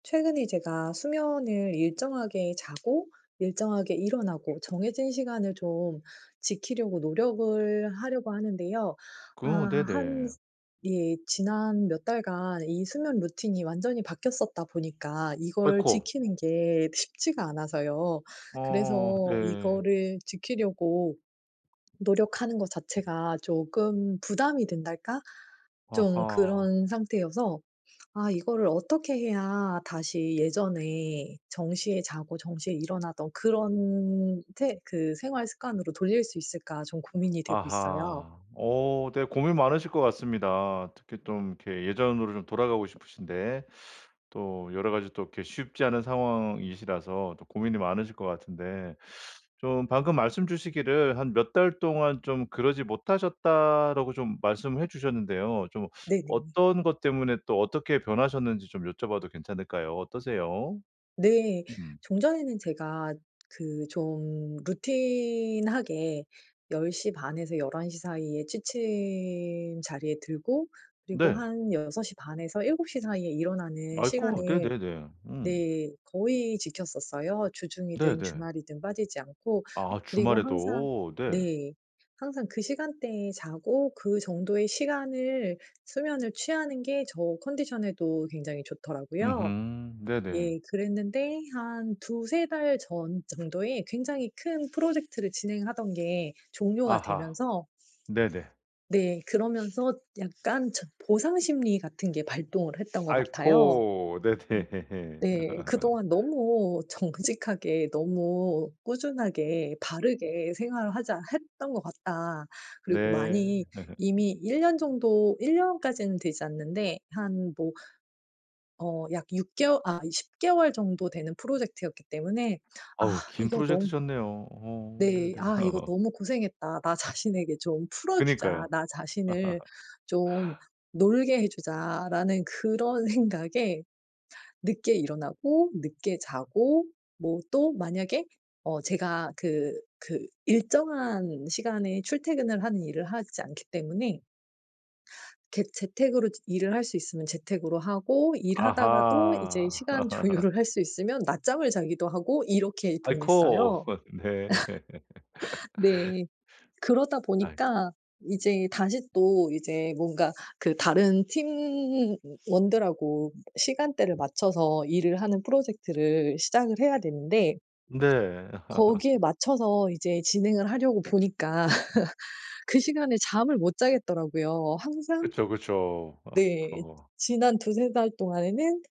최근에 제가 수면을 일정하게 자고 일정하게 일어나고 정해진 시간을 좀 지키려고 노력을 하려고 하는데요. 그 아 어 한 네네. 스 예 지난 몇 달간 이 수면 루틴이 완전히 바뀌었었다 보니까 이걸 아이코. 지키는 게 쉽지가 않아서요. 어 그래서 네. 이거를 지키려고 노력하는 것 자체가 조금 부담이 된달까? 좀 아하. 그런 상태여서 '아 이거를 어떻게 해야 다시 예전에 정시에 자고 정시에 일어나던 그런 태 그 생활 습관으로 돌릴 수 있을까?' 좀 고민이 되고 있어요. 아하. 어 네 고민 많으실 것 같습니다. 특히 좀 이렇게 예전으로 좀 돌아가고 싶으신데 또 여러 가지 또 이렇게 쉽지 않은 상황이시라서 또 고민이 많으실 것 같은데 좀 방금 말씀 주시기를 "한 몇 달 동안 좀 그러지 못하셨다."라고 좀 말씀해 주셨는데요. 좀 네네. 어떤 것 때문에 또 어떻게 변하셨는지 좀 여쭤 봐도 괜찮을까요? 어떠세요? 네. 음. 종전에는 제가 그 좀 루틴하게 10:30 에서 11:00 사이에 취침 자리에 들고 그리고 네. 한 6:30 에서 7:00 사이에 일어나는 아이코 시간을 네네네. 음. 네 거의 지켰었어요. 주중이든 네네. 주말이든 빠지지 않고. 아 그리고 주말에도. 항상 네. 네. 항상 그 시간대에 자고 그 정도의 시간을 수면을 취하는 게 저 컨디션에도 굉장히 좋더라고요. 음흠. 네네. 예. 그랬는데 한 2-3 달 전 정도에 굉장히 큰 프로젝트를 진행하던 게 종료가 아하. 되면서 네네. 네 그러면서 약간 저 보상심리 같은 게 발동을 했던 것 같아요. 아이코. 음 네네. 네. '그동안 너무 정직하게 너무 꾸준하게 바르게 생활을 하자 했던 것 같다.' 그리고 네. 많이 이미 1 년 정도 1 년까지는 되지 않는데 한 뭐 어 약 6 개워 아 10 개월 정도 되는 프로젝트였기 때문에 아 어우 긴 이거 너무 프로젝트셨네요. 어 네. 네네. '아 이거 너무 고생했다. 나 자신에게 좀 풀어 주자. 그니까요. 나 자신을 좀 놀게 해 주자.'라는 그런 생각에 늦게 일어나고 늦게 자고 뭐 또 만약에 어 제가 그 그 일정한 시간에 출퇴근을 하는 일을 하지 않기 때문에 개 재택으로 지 일을 할 수 있으면 재택으로 하고 일하다가도 이제 아하. 시간 조율을 할 수 있으면 낮잠을 자기도 하고 이렇게 아이코. 보냈어요. 네. 네. 그러다 아이코. 보니까 이제 다시 또 이제 뭔가 그 다른 팀원들하고 시간대를 맞춰서 일을 하는 프로젝트를 시작을 해야 되는데 네. 거기에 맞춰서 이제 진행을 하려고 보니까 그 시간에 잠을 못 자겠더라고요. 항상 그쵸, 그쵸. 네. 아이코 지난 2-3 달 동안에는